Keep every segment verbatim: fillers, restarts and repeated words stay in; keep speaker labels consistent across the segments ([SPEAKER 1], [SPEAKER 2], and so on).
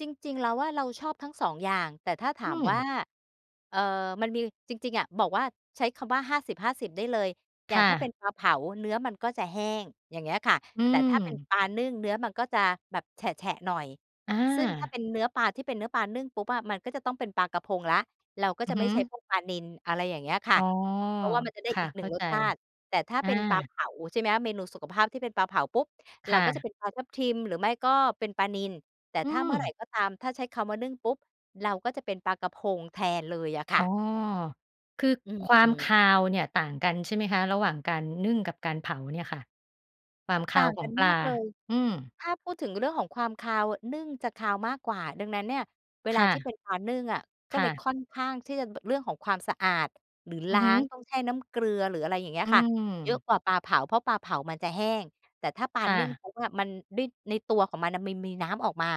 [SPEAKER 1] จริง ๆ เราว่าเราชอบทั้ง สอง อย่าง แต่ถ้าถ
[SPEAKER 2] อื
[SPEAKER 1] ามว่
[SPEAKER 2] ม
[SPEAKER 1] า เอ่อ มันมี จริง ๆ อะ บอกว่าใช้คำว่า ห้าสิบห้าสิบ ได้เลย อย
[SPEAKER 2] ค
[SPEAKER 1] ่า
[SPEAKER 2] ่
[SPEAKER 1] งถ้าเป็
[SPEAKER 2] ะ
[SPEAKER 1] นปลาเผาเนื้อมันก็จะแห้ง อย่างเงี้ยค่ะ
[SPEAKER 2] อื
[SPEAKER 1] แต่ถ้าเป็น
[SPEAKER 2] ม
[SPEAKER 1] ปลานึ่งเนื้อมันก็จะแบบแฉะ ๆ หน่อย
[SPEAKER 2] อ
[SPEAKER 1] ซึ่งถ้า
[SPEAKER 2] า
[SPEAKER 1] เป็นเนื้อปลา ที่เป็นเนื้อปลานึ่งปุ๊บอะ มันก็จะต้องเป็นปลากระพงแล้ว เราก็
[SPEAKER 2] อื
[SPEAKER 1] จ
[SPEAKER 2] อ
[SPEAKER 1] ะ
[SPEAKER 2] ฮ
[SPEAKER 1] ไม่ใช้
[SPEAKER 2] ึ
[SPEAKER 1] พวกปลานิล อะไรอย่างเงี้ยค่
[SPEAKER 2] อ๋
[SPEAKER 1] ะ
[SPEAKER 2] อ
[SPEAKER 1] เพราะว่ามันจะได้
[SPEAKER 2] ค่
[SPEAKER 1] อ
[SPEAKER 2] ะ
[SPEAKER 1] ีก ห
[SPEAKER 2] เ
[SPEAKER 1] น
[SPEAKER 2] ข
[SPEAKER 1] ึ่
[SPEAKER 2] ้า
[SPEAKER 1] ง ร
[SPEAKER 2] ใจ
[SPEAKER 1] สชาติ แต่ถ้า
[SPEAKER 2] อ
[SPEAKER 1] เป็นปลาเ
[SPEAKER 2] า
[SPEAKER 1] ผา ใช่ไหมคะ เมนูสุขภาพที่เป็นปลาเผาปุ๊บ
[SPEAKER 2] ค
[SPEAKER 1] เรา
[SPEAKER 2] ่
[SPEAKER 1] ก็จ
[SPEAKER 2] ะ
[SPEAKER 1] ะเป็นปลาทับทิม หรือไม่ก็เป็นปลานิล แต่
[SPEAKER 2] อื
[SPEAKER 1] ถ้าเมื่อไหร่
[SPEAKER 2] ม
[SPEAKER 1] ก็ตาม ถ้าใช้คำว่านึ่งปุ๊บ เราก็จะเป็นปลากระพงแทนเลยอะค
[SPEAKER 2] อ๋
[SPEAKER 1] ่
[SPEAKER 2] อ
[SPEAKER 1] ะ
[SPEAKER 2] คือ
[SPEAKER 1] อื
[SPEAKER 2] ความค
[SPEAKER 1] ม
[SPEAKER 2] าวเนี่ย ต่างกันใช่ไหมคะ? ระหว่างการนึ่งกับการเผาเนี่ยค่ะ ความค
[SPEAKER 1] ต
[SPEAKER 2] า
[SPEAKER 1] ่า
[SPEAKER 2] ว
[SPEAKER 1] ง
[SPEAKER 2] ขอ
[SPEAKER 1] กั
[SPEAKER 2] ง
[SPEAKER 1] น
[SPEAKER 2] ปล
[SPEAKER 1] ม
[SPEAKER 2] า
[SPEAKER 1] ากเลย
[SPEAKER 2] อืม
[SPEAKER 1] ถ้าพูดถึงเรื่องของความคาว นึ่งจะคาวมากกว่า ดังนั้นเนี่ย เว
[SPEAKER 2] ค
[SPEAKER 1] ลา
[SPEAKER 2] ่
[SPEAKER 1] ที่เ
[SPEAKER 2] ะ
[SPEAKER 1] ป็นปลานึ่งอะ ก็
[SPEAKER 2] ค
[SPEAKER 1] เ
[SPEAKER 2] ่
[SPEAKER 1] ลย
[SPEAKER 2] ะ
[SPEAKER 1] ค่อนข้างที่จะ ร เรื่องของความสะอาด หรือ
[SPEAKER 2] อือ
[SPEAKER 1] ล้
[SPEAKER 2] ฮ
[SPEAKER 1] าง
[SPEAKER 2] ึ
[SPEAKER 1] ต้องแช่น้ำเกลือ หรืออะไรอย่างเงี้
[SPEAKER 2] อื
[SPEAKER 1] ยค่ะ
[SPEAKER 2] ม
[SPEAKER 1] เยอะกว่าปลาเผา เพราะปลาเผามันจะแห้ง แต่ถ้าปลา
[SPEAKER 2] ค่
[SPEAKER 1] นึ่ง
[SPEAKER 2] ะ
[SPEAKER 1] ปุ๊บอะ มัน ด้วยในตัวของมันน่ะ มันมีน้ำออกมา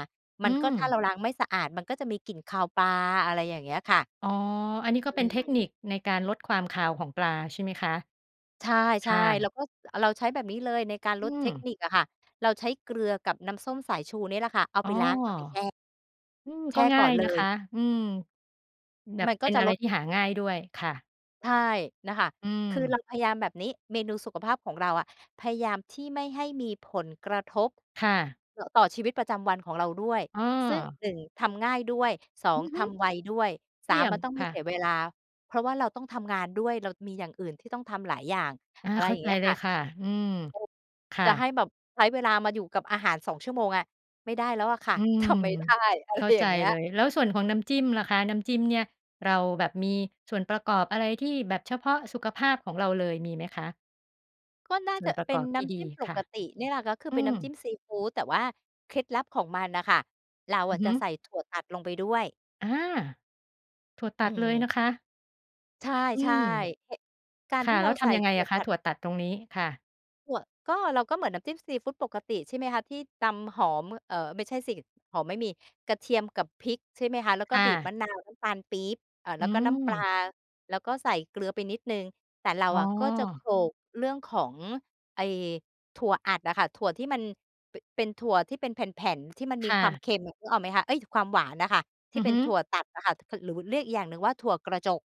[SPEAKER 2] อ
[SPEAKER 1] ม
[SPEAKER 2] ื
[SPEAKER 1] ันก
[SPEAKER 2] ม
[SPEAKER 1] ็ ถ้าเราล้างไม่สะอาด มันก็จะมีกลิ่นคาวปลา อะไรอย่างเงี้ยค่ะ
[SPEAKER 2] อ๋อ อันนี้ก็
[SPEAKER 1] อ
[SPEAKER 2] เ
[SPEAKER 1] ื
[SPEAKER 2] ป็นเทคนิ
[SPEAKER 1] ม
[SPEAKER 2] คในการลดความคาวของปลาใช่ไหมคะ?
[SPEAKER 1] ใช
[SPEAKER 2] ค
[SPEAKER 1] ่
[SPEAKER 2] ่
[SPEAKER 1] ๆ เร
[SPEAKER 2] ะ
[SPEAKER 1] าก็ อ เราใช้แบบนี้เลยในการ
[SPEAKER 2] อ
[SPEAKER 1] ล
[SPEAKER 2] ื
[SPEAKER 1] ดเท
[SPEAKER 2] ม
[SPEAKER 1] คนิคอะค่ะ เราใช้เกลือกับน้ำส้มสายชูเนี่ยแหละค่ะ เอา
[SPEAKER 2] อ๋
[SPEAKER 1] ไป
[SPEAKER 2] อ
[SPEAKER 1] ล้างเอาไปแช่
[SPEAKER 2] อืม
[SPEAKER 1] แช
[SPEAKER 2] ก็
[SPEAKER 1] ่
[SPEAKER 2] ง
[SPEAKER 1] ก
[SPEAKER 2] ่
[SPEAKER 1] ่
[SPEAKER 2] า
[SPEAKER 1] อน
[SPEAKER 2] ย
[SPEAKER 1] เล
[SPEAKER 2] นะค
[SPEAKER 1] ย
[SPEAKER 2] ะ อืม แบ
[SPEAKER 1] ม
[SPEAKER 2] บ
[SPEAKER 1] ันก
[SPEAKER 2] เป
[SPEAKER 1] ็
[SPEAKER 2] ็น
[SPEAKER 1] จะ
[SPEAKER 2] อะไร
[SPEAKER 1] ลด
[SPEAKER 2] ที่หาง่ายด้วยค่ะ
[SPEAKER 1] ใช่ น่ะค่ะ
[SPEAKER 2] อื
[SPEAKER 1] คือเร
[SPEAKER 2] ม
[SPEAKER 1] าพยายามแบบนี้ เมนูสุขภาพของเราอะ พยายามที่ไม่ให้มีผลกระทบ
[SPEAKER 2] ค่ะ
[SPEAKER 1] ต่อ ต่อชีวิตประจำวันของเราด้วย
[SPEAKER 2] อ้
[SPEAKER 1] ซึ่ง
[SPEAKER 2] อ
[SPEAKER 1] หนึ่ง ทำง่ายด้วย สอ
[SPEAKER 2] อื
[SPEAKER 1] ง
[SPEAKER 2] อฮ
[SPEAKER 1] ท
[SPEAKER 2] ึ
[SPEAKER 1] ำไวด้วย ส
[SPEAKER 2] เ
[SPEAKER 1] า
[SPEAKER 2] ยี่
[SPEAKER 1] ม
[SPEAKER 2] ย
[SPEAKER 1] ม
[SPEAKER 2] ม
[SPEAKER 1] ันต้องไ
[SPEAKER 2] ค
[SPEAKER 1] ม่
[SPEAKER 2] ่
[SPEAKER 1] เสี
[SPEAKER 2] ะ
[SPEAKER 1] ยเวลา เพราะเราต้องทำงานด้วย เรามีอย่างอื่นที่ต้องทำหลายอย่าง
[SPEAKER 2] อา
[SPEAKER 1] อะไร
[SPEAKER 2] เข้
[SPEAKER 1] อ
[SPEAKER 2] า
[SPEAKER 1] ย่าง
[SPEAKER 2] ใจ
[SPEAKER 1] เงี้ย
[SPEAKER 2] เล
[SPEAKER 1] ค่
[SPEAKER 2] ย
[SPEAKER 1] ะ
[SPEAKER 2] ค่ะ อืม
[SPEAKER 1] โอ้
[SPEAKER 2] ค่
[SPEAKER 1] จะให้
[SPEAKER 2] ะ
[SPEAKER 1] แบบใช้เวลามาอยู่กับอาหาร สอง ชั่วโมงอะ ไม่ได้แล้วอะค่ะ
[SPEAKER 2] อื
[SPEAKER 1] ท
[SPEAKER 2] ม
[SPEAKER 1] ำไม่ได้ อะ
[SPEAKER 2] เ
[SPEAKER 1] ไ
[SPEAKER 2] ข
[SPEAKER 1] ร
[SPEAKER 2] ้า
[SPEAKER 1] อย
[SPEAKER 2] ใ
[SPEAKER 1] ่
[SPEAKER 2] จ
[SPEAKER 1] างเงี้
[SPEAKER 2] เล
[SPEAKER 1] ย
[SPEAKER 2] ย แล้วส่วนของน้ำจิ้มล่ะคะ? น้ำจิ้มเนี่ย เราแบบมีส่วนประกอบอะไร? ที่แบบเฉพาะสุขภาพของเราเลย มีไหมคะ?
[SPEAKER 1] ก็น่า
[SPEAKER 2] ส่
[SPEAKER 1] จ
[SPEAKER 2] วน
[SPEAKER 1] ะ
[SPEAKER 2] ป
[SPEAKER 1] อ
[SPEAKER 2] ระ
[SPEAKER 1] เป
[SPEAKER 2] ก
[SPEAKER 1] ็น
[SPEAKER 2] อบท
[SPEAKER 1] น้
[SPEAKER 2] ี่ด
[SPEAKER 1] ำจ
[SPEAKER 2] ี
[SPEAKER 1] ิ้มป
[SPEAKER 2] ค่ะ
[SPEAKER 1] กติเนี่ยแหละ ก็คือ
[SPEAKER 2] อ
[SPEAKER 1] เป็
[SPEAKER 2] ื
[SPEAKER 1] นน้
[SPEAKER 2] ม
[SPEAKER 1] ำจิ้มซีฟูด แต่ว่าเคล็ดลับของมันน่ะค่ะ เรา
[SPEAKER 2] อ
[SPEAKER 1] อ
[SPEAKER 2] ือ
[SPEAKER 1] ะ
[SPEAKER 2] ฮ
[SPEAKER 1] จ
[SPEAKER 2] ึ
[SPEAKER 1] ะใส่ถั่วตัดลงไปด้วย
[SPEAKER 2] อา ถั่วต
[SPEAKER 1] อ
[SPEAKER 2] ั
[SPEAKER 1] ื
[SPEAKER 2] ดเลย
[SPEAKER 1] ม
[SPEAKER 2] นะคะ
[SPEAKER 1] ใช
[SPEAKER 2] อื
[SPEAKER 1] ่
[SPEAKER 2] ม
[SPEAKER 1] ๆ กา
[SPEAKER 2] ค
[SPEAKER 1] รท
[SPEAKER 2] ่ะ
[SPEAKER 1] ี่
[SPEAKER 2] แ
[SPEAKER 1] เ
[SPEAKER 2] ล
[SPEAKER 1] ร
[SPEAKER 2] ้
[SPEAKER 1] า
[SPEAKER 2] วท
[SPEAKER 1] ใส่
[SPEAKER 2] ำยังไ
[SPEAKER 1] ถ
[SPEAKER 2] ง
[SPEAKER 1] ั่
[SPEAKER 2] อ
[SPEAKER 1] ว
[SPEAKER 2] ะค
[SPEAKER 1] ต
[SPEAKER 2] ะ
[SPEAKER 1] ั
[SPEAKER 2] ถ
[SPEAKER 1] ด
[SPEAKER 2] ั่วตัดตรงนี้? ค่ะ
[SPEAKER 1] ถั่ว ก็ เราก็เหมือนน้ำจิ้มซีฟูดปกติใช่ไหมคะ ที่ตำหอม เอ่อ ไม่ใช่สิ หอมไม่มี กระเทียมกับพริก ใช่ไหมคะ แล้ว
[SPEAKER 2] ค
[SPEAKER 1] ก็
[SPEAKER 2] ่
[SPEAKER 1] บีบ
[SPEAKER 2] ะ
[SPEAKER 1] มะนาว น้ำตาลปี๊บ เอ่อ
[SPEAKER 2] อ
[SPEAKER 1] แ
[SPEAKER 2] ื
[SPEAKER 1] ล้วก็น้ำปลา
[SPEAKER 2] ม
[SPEAKER 1] แล้วก็ใส่เกลือไปนิดหนึ่ง แต่เรา
[SPEAKER 2] อ๋
[SPEAKER 1] อะก็จะโข
[SPEAKER 2] อ
[SPEAKER 1] ลกเรื่องของ ไอ้ ถั่วอัดอะค่ะ ถั่วที่มัน ป เป็นถั่วที่เป็นแผ่น ๆ ที่มันม
[SPEAKER 2] ค
[SPEAKER 1] ี
[SPEAKER 2] ่
[SPEAKER 1] ความ
[SPEAKER 2] ะ
[SPEAKER 1] เค็มอะ นึกออกไหมคะ? เอ๊ย ความหวานอะค่ะ ท
[SPEAKER 2] อ
[SPEAKER 1] ี
[SPEAKER 2] ื
[SPEAKER 1] ่
[SPEAKER 2] อ
[SPEAKER 1] เป
[SPEAKER 2] ฮ
[SPEAKER 1] ็
[SPEAKER 2] ึ
[SPEAKER 1] นถั่วตัดอะค่ะ ถ หรือเรียกอีกอย่างหนึ่งว่าถั่วกระจก